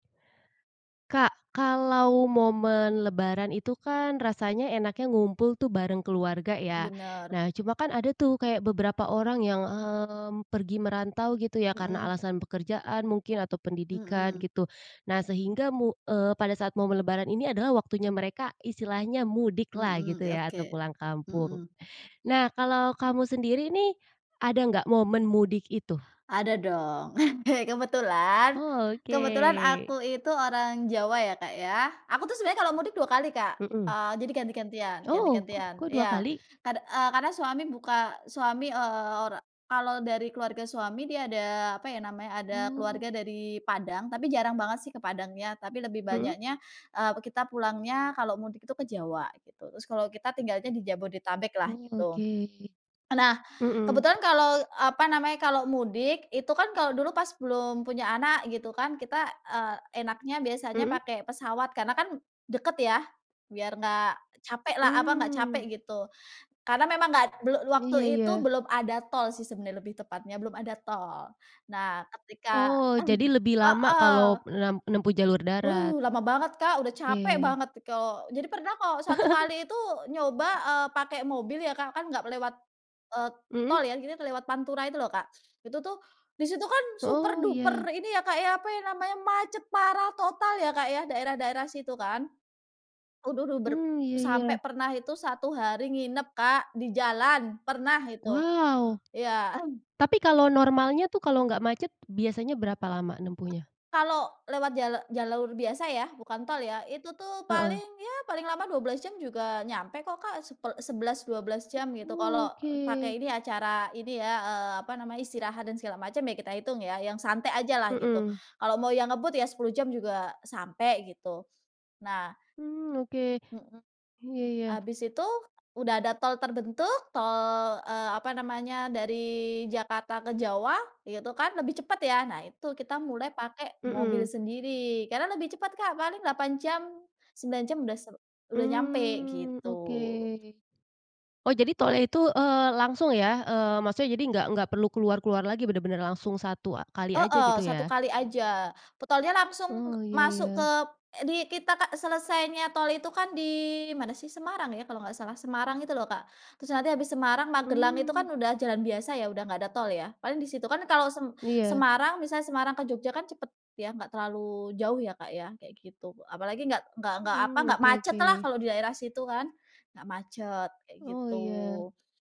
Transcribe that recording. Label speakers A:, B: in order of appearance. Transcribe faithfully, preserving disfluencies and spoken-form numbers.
A: Kak, kalau momen lebaran itu kan rasanya enaknya ngumpul tuh bareng keluarga, ya?
B: Benar.
A: Nah, cuma kan ada tuh kayak beberapa orang yang, mmm, pergi merantau gitu ya, karena
B: Heeh.
A: alasan pekerjaan mungkin, atau pendidikan,
B: Mhm.
A: gitu. Nah, sehingga mu eee, pada saat momen lebaran ini adalah waktunya mereka istilahnya mudik lah,
B: Mhm.
A: gitu ya, atau
B: Oke,
A: pulang kampung.
B: mhm.
A: Nah, kalau kamu sendiri nih, ada enggak momen mudik itu?
B: Ada, dong. Kebetulan,
A: Oh,
B: kebetulan
A: oke.
B: aku itu orang Jawa, ya, Kak, ya. Aku tuh sebenarnya kalau mudik dua kali, Kak.
A: Mhm.
B: Eee, jadi ganti-gantian
A: Oh, kok
B: ganti-gantian,
A: kok dua
B: iya.
A: kali?
B: Kad eee, karena suami buka suami, eee, ora kalau dari keluarga suami, dia ada apa ya namanya, ada keluarga
A: Oh.
B: dari Padang, tapi jarang banget sih ke Padangnya, tapi lebih
A: Mhm.
B: banyaknya, eee, kita pulangnya kalau mudik itu ke Jawa, gitu. Terus kalau kita tinggalnya di Jabodetabek lah,
A: Oh,
B: gitu.
A: oke.
B: Nah,
A: Mhm.
B: kebetulan kalau apa namanya, kalau mudik, itu kan kalau dulu pas belum punya anak gitu kan, kita, eee, enaknya biasanya
A: Mhm.
B: pakai pesawat, karena kan deket ya, biar enggak capek lah apa, enggak capek,
A: Mmm.
B: gitu. Karena memang nggak belu waktu
A: Iya
B: itu
A: iya.
B: belum ada tol sih sebenarnya, lebih tepatnya. Belum ada tol. Nah, ketika
A: Oh, jadi lebih lama
B: heeh.
A: kalau nenem menempuh jalur darat?
B: Wow, lama banget Kak, udah capek
A: ke.
B: banget kalau jadi pernah kok satu kali itu nyoba, eee, pakai mobil ya Kak, kan enggak lewat, eee,
A: Mhm.
B: tol ya, akhirnya lewat Pantura itu loh, Kak. Itu tuh, di situ kan super
A: Oh, iya.
B: duper ini ya, Kak ya, apa ya namanya, macet parah, total ya Kak ya, daerah-daerah situ, kan? Aduh duh ber
A: Mmm, iya
B: sampai
A: iya.
B: pernah itu satu hari nginep Kak, di jalan, pernah itu.
A: Wow!
B: Iya.
A: Tapi, kalau normalnya tuh, kalau nggak macet biasanya berapa lama nempuhnya?
B: Kalau lewat jala jalur biasa ya, bukan tol ya, itu tuh
A: Heeh.
B: paling, ya paling lama dua belas jam juga nyampe kok Kak, sepel sebelas, dua belas jam, gitu.
A: Oh,
B: Kalau
A: oke.
B: pakai ini, acara ini ya, eee, apa namanya, istirahat, dan segala macam ya, kita hitung ya, yang santai aja lah, gitu.
A: Mhm.
B: Kalau mau yang ngebut ya sepuluh jam juga sampai, gitu. Nah
A: Mmm, oke.
B: mhm.
A: Iya iya.
B: Habis itu udah ada tol terbentuk, tol, eee, apa namanya, dari Jakarta ke Jawa, gitu kan, lebih cepet ya. Nah, itu, kita mulai pakai mobil
A: Mhm.
B: sendiri. Karena lebih cepat Kak, paling delapan jam, sembilan jam udah se udah nyampai,
A: Mmm, oke.
B: gitu
A: Oh, jadi tolnya itu, eee, langsung ya? Eee, maksudnya jadi nggak nggak perlu keluar-keluar lagi, bener-bener langsung satu kali aja,
B: Heeh,
A: gitu
B: satu
A: ya?
B: kali aja. Pe tolnya langsung
A: Oh, iya
B: masuk ke
A: iya.
B: di kita Kak, selesainya tol itu kan di mana sih, Semarang ya kalau enggak salah, Semarang itu loh, Kak. Terus nanti habis Semarang, Magelang itu kan
A: Mmm.
B: udah jalan biasa ya, udah enggak ada tol ya. Paling di situ. Kan kalau sem
A: Iya.
B: Semarang, misalnya Semarang ke Jogja kan cepet ya, enggak terlalu jauh ya Kak ya, kayak gitu. Apalagi enggak enggak enggak, apa,
A: Mmm,
B: enggak
A: oke
B: macet lah,
A: oke.
B: kalau di daerah situ kan, nggak macet, kayak
A: Oh, iya
B: gitu.